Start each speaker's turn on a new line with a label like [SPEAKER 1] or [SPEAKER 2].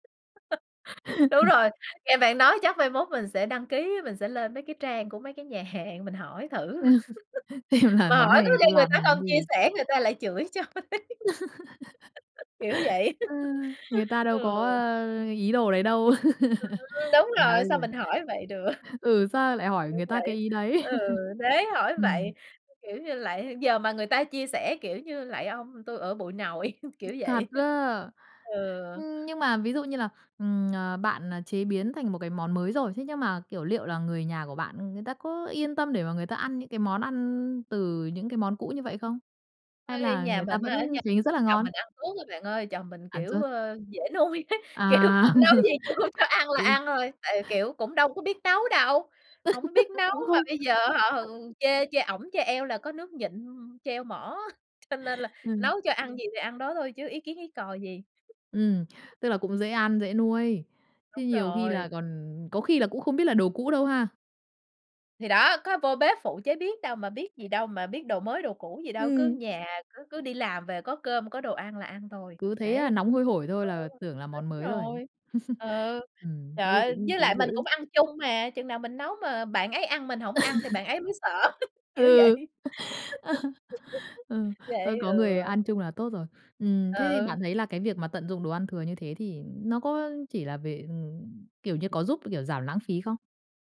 [SPEAKER 1] Đúng rồi, nghe bạn nói chắc mai mốt mình sẽ đăng ký, mình sẽ lên mấy cái trang của mấy cái nhà hàng mình hỏi thử.
[SPEAKER 2] Xem là
[SPEAKER 1] Mà
[SPEAKER 2] món
[SPEAKER 1] hỏi
[SPEAKER 2] này
[SPEAKER 1] có
[SPEAKER 2] người ta
[SPEAKER 1] khi người
[SPEAKER 2] làm
[SPEAKER 1] ta
[SPEAKER 2] thành món
[SPEAKER 1] không chia
[SPEAKER 2] gì?
[SPEAKER 1] sẻ người ta lại chửi cho ấy. Kiểu vậy.
[SPEAKER 2] Ờ, người ta đâu
[SPEAKER 1] Ừ.
[SPEAKER 2] có, ơ, ý đồ đấy đâu.
[SPEAKER 1] Ừm, đúng
[SPEAKER 2] Mà
[SPEAKER 1] rồi,
[SPEAKER 2] bây
[SPEAKER 1] sao mình
[SPEAKER 2] giờ
[SPEAKER 1] hỏi vậy được.
[SPEAKER 2] Ừ, sao lại hỏi
[SPEAKER 1] Kiểu
[SPEAKER 2] người ta cái
[SPEAKER 1] vậy.
[SPEAKER 2] ý đấy?
[SPEAKER 1] Ừ, thế hỏi
[SPEAKER 2] Ừm.
[SPEAKER 1] vậy, kiểu như lạy h giờ mà người ta chia sẻ, kiểu như, "Lạy ông tôi ở bụi nội", kiểu
[SPEAKER 2] Thật
[SPEAKER 1] vậy.
[SPEAKER 2] á?
[SPEAKER 1] Ừ.
[SPEAKER 2] Ưm, nhưng mà ví dụ như là, ừm, ờ, bạn, à, chế biến thành một cái món mới rồi, thế nhưng mà, kiểu, liệu là người nhà của bạn người ta có yên tâm để mà người ta ăn những cái món ăn từ những cái món cũ như vậy không? Hay
[SPEAKER 1] Ôi,
[SPEAKER 2] là
[SPEAKER 1] nhà
[SPEAKER 2] người ta
[SPEAKER 1] mình
[SPEAKER 2] vẫn
[SPEAKER 1] á, ở nhà
[SPEAKER 2] thấy rất là
[SPEAKER 1] chồng
[SPEAKER 2] ngon?
[SPEAKER 1] mình ăn suốt á bạn ơi, chồng mình,
[SPEAKER 2] Ăn
[SPEAKER 1] kiểu,
[SPEAKER 2] suốt.
[SPEAKER 1] ơ, dễ nuôi ấy, kiểu,
[SPEAKER 2] À.
[SPEAKER 1] nấu gì tui cho ăn là
[SPEAKER 2] Ừ.
[SPEAKER 1] ăn thôi, tại vì, kiểu, cũng đâu có biết tấu đâu. Hổng có biết nấu,
[SPEAKER 2] Cũng
[SPEAKER 1] mà
[SPEAKER 2] không
[SPEAKER 1] bây giờ á hả, h
[SPEAKER 2] [unintelligible]
[SPEAKER 1] chê chê ổng chê eo là có nước nhịn, treo mỏ, cho nên là
[SPEAKER 2] Ừ.
[SPEAKER 1] nấu cho ăn gì thì ăn đó thôi chứ có ý kiến ý cò gì.
[SPEAKER 2] Ừm, tức là cũng dễ ăn, dễ nuôi. Chứ
[SPEAKER 1] Đúng
[SPEAKER 2] nhiều khi
[SPEAKER 1] rồi.
[SPEAKER 2] là còn có khi là cũng không biết là đồ cũ đâu ha.
[SPEAKER 1] Thì đó, có vô bếp phụ chế biến đâu mà biết gì đâu, mà biết đồ mới đồ cũ gì đâu, cứ
[SPEAKER 2] Ừm.
[SPEAKER 1] nhà cứ cứ đi làm về có cơm có đồ ăn là ăn thôi,
[SPEAKER 2] Cứ thấy, à,
[SPEAKER 1] đấy.
[SPEAKER 2] nóng hôi hổi thôi
[SPEAKER 1] Ừ,
[SPEAKER 2] là tưởng là
[SPEAKER 1] đúng
[SPEAKER 2] món mới rồi.
[SPEAKER 1] rồi. Ừ.
[SPEAKER 2] Ừm,
[SPEAKER 1] Trời
[SPEAKER 2] thế thì
[SPEAKER 1] ơi,
[SPEAKER 2] cũng
[SPEAKER 1] với lại
[SPEAKER 2] cũng
[SPEAKER 1] mình
[SPEAKER 2] dễ.
[SPEAKER 1] cũng ăn chung mà, chừng nào mình nấu mà bạn ấy ăn mình hổng ăn thì bạn ấy mới sợ, kiểu vậy.
[SPEAKER 2] Ừ. Ừ, thôi
[SPEAKER 1] Vậy,
[SPEAKER 2] có
[SPEAKER 1] ừ.
[SPEAKER 2] người ăn chung là tốt rồi. Ừm, thế thì
[SPEAKER 1] Ừ.
[SPEAKER 2] bạn thấy là cái việc mà tận dụng đồ ăn thừa như thế thì nó có chỉ là về ừm, kiểu như, có giúp, kiểu, giảm lãng phí không?